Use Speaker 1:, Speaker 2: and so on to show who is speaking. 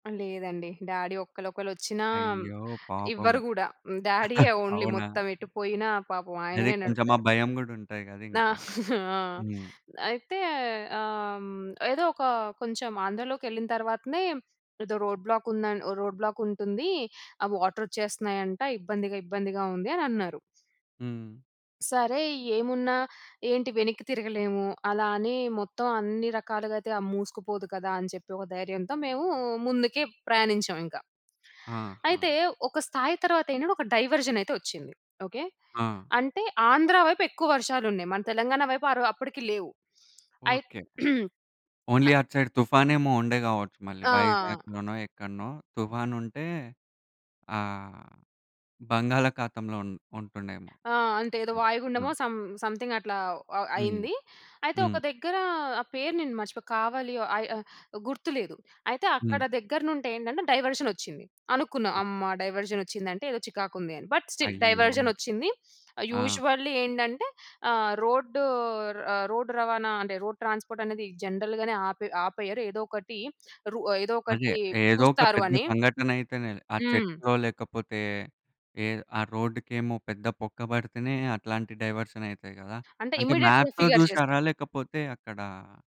Speaker 1: లేదండి. డ్యాడీ ఒక్కలొకళ్ళచ్చినా
Speaker 2: అయ్యో! పాపం.
Speaker 1: ఇవ్వరు కూడా డ్యాడీయే ఓన్లీ.
Speaker 2: అవునా?
Speaker 1: మొత్తం ఎటుపోయినా పాపం
Speaker 2: అదే.
Speaker 1: ఆయననే
Speaker 2: కొంచెం ఆ
Speaker 1: నడుపుతారు.
Speaker 2: భయం కూడా ఉంటది కదా!
Speaker 1: ఆ!
Speaker 2: ఇంకా.
Speaker 1: ఆ!
Speaker 2: హ్మ్.
Speaker 1: అయితే ఆహ్, హ్మ్. ఏదో ఒక కొంచెం ఆంధ్రలోకెళ్ళిన తరువాతనే ఏదో రోడ్ బ్లాక్ ఉం రోడ్ బ్లాక్ ఉంటుంది. ఆ వాటర్ వచ్చేస్తున్నాయంటా ఇబ్బందిగా ఇబ్బందిగా ఉంది అనన్నారు.
Speaker 2: హ్మ్.
Speaker 1: సరే ఏమున్నా ఏంటి వెనక్కి తిరగలేము. అలా అని మొత్తం అన్ని రకాలుగాయితే మూసుకుపోదు కదా! అని చెప్పి ఒక ధైర్యంతో మేము ముందుకే ప్రయాణించాం ఇంకా. అయితే
Speaker 2: ఆహా!
Speaker 1: ఒక స్థాయి తరువాత ఏంటంటే ఒక డైవర్జన్ అయితే వచ్చింది. ఓకే.
Speaker 2: ఆ!
Speaker 1: అంటే ఆంధ్ర వైపు ఎక్కువ వర్షాలున్నాయి. మన తెలంగాణ వైపు ఆరో అప్పటికి లేవు. అయి
Speaker 2: ఓకే. ఓన్లీ
Speaker 1: అ
Speaker 2: అటు సైడ్ తుఫానేమో ఉండే కావచ్చు. మళ్ళీ
Speaker 1: ఆ!
Speaker 2: వైజాగ్‌లోనో ఎక్కడనో తుఫాను ఉంటే ఆహ్, బంగాళాఖాతంలో ఉం ఉంటుండేమో.
Speaker 1: ఆ! అంటే ఏదో
Speaker 2: అ! ఆ!
Speaker 1: వాయుగుండమో సమ్‌ సమ్‌థింగ్ అట్లా
Speaker 2: హ్మ్.
Speaker 1: అయింది. అయితే ఒక
Speaker 2: హ్మ్.
Speaker 1: దగ్గర ఆ పేరు నేను మర్చిపోయా కావలి ఓహ్! ఆహ్, ఆహ్ గుర్తులేదు. అయితే అక్కడ
Speaker 2: హ్మ్.
Speaker 1: దగ్గర నుండి ఏంటంటే డైవర్షన్ వచ్చింది. అనుకున్నా అమ్మా!
Speaker 2: ఓకే.
Speaker 1: డైవర్షన్ వచ్చింది అంటే ఏదో చికాకు ఉంది అని బట్ స్టిల్
Speaker 2: అయ్యో!
Speaker 1: డైవర్జన్ వచ్చింది.
Speaker 2: ఆ!
Speaker 1: యూజువల్లీ ఏంటంటే ఆహ్, రోడ్డు ఆ! రోడ్ రవాణా అంటే రోడ్ ట్రాన్స్‌పోర్ట్ అనేది జనరల్‌గానే ఆపే ఆపేయరు. ఏదో ఒకటి రూ ఏదో
Speaker 2: అదే!
Speaker 1: ఒకటి
Speaker 2: ఏదో ఒక
Speaker 1: చూస్తారు
Speaker 2: పెద్ద
Speaker 1: అని.
Speaker 2: సంఘటన అయితేనే ఆ
Speaker 1: హ్మ్.
Speaker 2: చెట్టుల్లో లేకపోతే ఏ ఆ రోడ్డుకేమో పెద్ద బొక్క పడితేనే అట్లాంటి డైవర్షన్ అయితాయి కదా!
Speaker 1: అంటే
Speaker 2: అంటే
Speaker 1: ఇమ్మీడియేట్‌గా
Speaker 2: మ్యాప్‌లో
Speaker 1: ఫిగర్ చేస్తా
Speaker 2: చూసారా? లేకపోతే అక్కడ